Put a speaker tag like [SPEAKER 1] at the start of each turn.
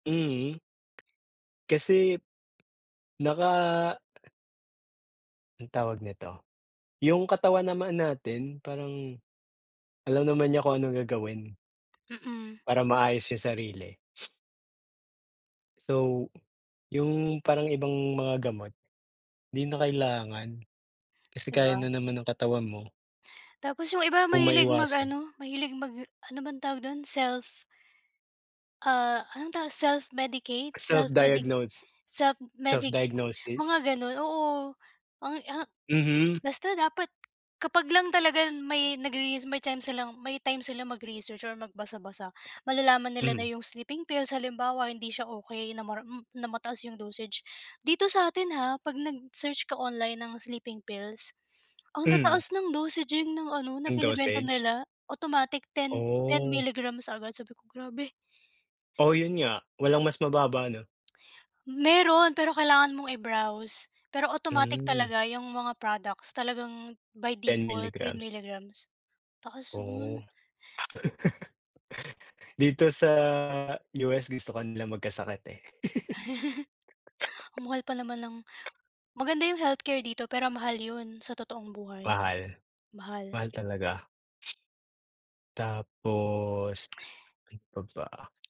[SPEAKER 1] Mhm. Kasi, naka Ang tawag nito, yung katawan naman natin parang, alam naman niya kung anong gagawin.
[SPEAKER 2] Mm.
[SPEAKER 1] Para maayos yung sarili. So, yung parang ibang mga gamot, 'di na kailangan, kasi
[SPEAKER 2] 'Di
[SPEAKER 1] kaya
[SPEAKER 2] ba?
[SPEAKER 1] na naman ng katawan mo.
[SPEAKER 2] Tapos yung iba
[SPEAKER 1] Kung
[SPEAKER 2] mahilig mag
[SPEAKER 1] maiwasan.
[SPEAKER 2] ano mahilig mag ano bang tawag dun self Ah, anong ta self-medicate,
[SPEAKER 1] Ah self
[SPEAKER 2] self-medi
[SPEAKER 1] diagnose, self
[SPEAKER 2] self-medicate
[SPEAKER 1] diagnosis?
[SPEAKER 2] mga ganon oo, mga ha
[SPEAKER 1] Mhm.
[SPEAKER 2] basta dapat kapag lang talaga may nagre-res may time may time silang mag-research or magbasa-basa malalaman nila na
[SPEAKER 1] Mhm.
[SPEAKER 2] 'yong sleeping pills halimbawa hindi siya okey na mar hmm, na mataas 'yong dosage dito sa atin ha 'pag nag-search ka online ng sleeping pills ang
[SPEAKER 1] Hmm.
[SPEAKER 2] tataas ng dosaging ng ano na
[SPEAKER 1] 'Yung
[SPEAKER 2] binebenta
[SPEAKER 1] dosage?
[SPEAKER 2] nila automatic ten ten
[SPEAKER 1] Oh
[SPEAKER 2] milligrams agad, sabi ko grabe.
[SPEAKER 1] O 'yun nga, walang mas mababa 'no?
[SPEAKER 2] Meron pero kailangan mong i-browse, pero automatic
[SPEAKER 1] Hmm.
[SPEAKER 2] talaga yung mga products talagang by
[SPEAKER 1] ten
[SPEAKER 2] default ten
[SPEAKER 1] milligrams
[SPEAKER 2] milligrams, taas
[SPEAKER 1] Oh,
[SPEAKER 2] noon.
[SPEAKER 1] dito sa US gusto ka nilang magkasakit eh.
[SPEAKER 2] Ang mahal pa naman ng maganda yung healthcare dito pero mahal 'yun sa totoong buhay,
[SPEAKER 1] Mahal,
[SPEAKER 2] mahal.
[SPEAKER 1] mahal talaga. Tapos, ano pa ba?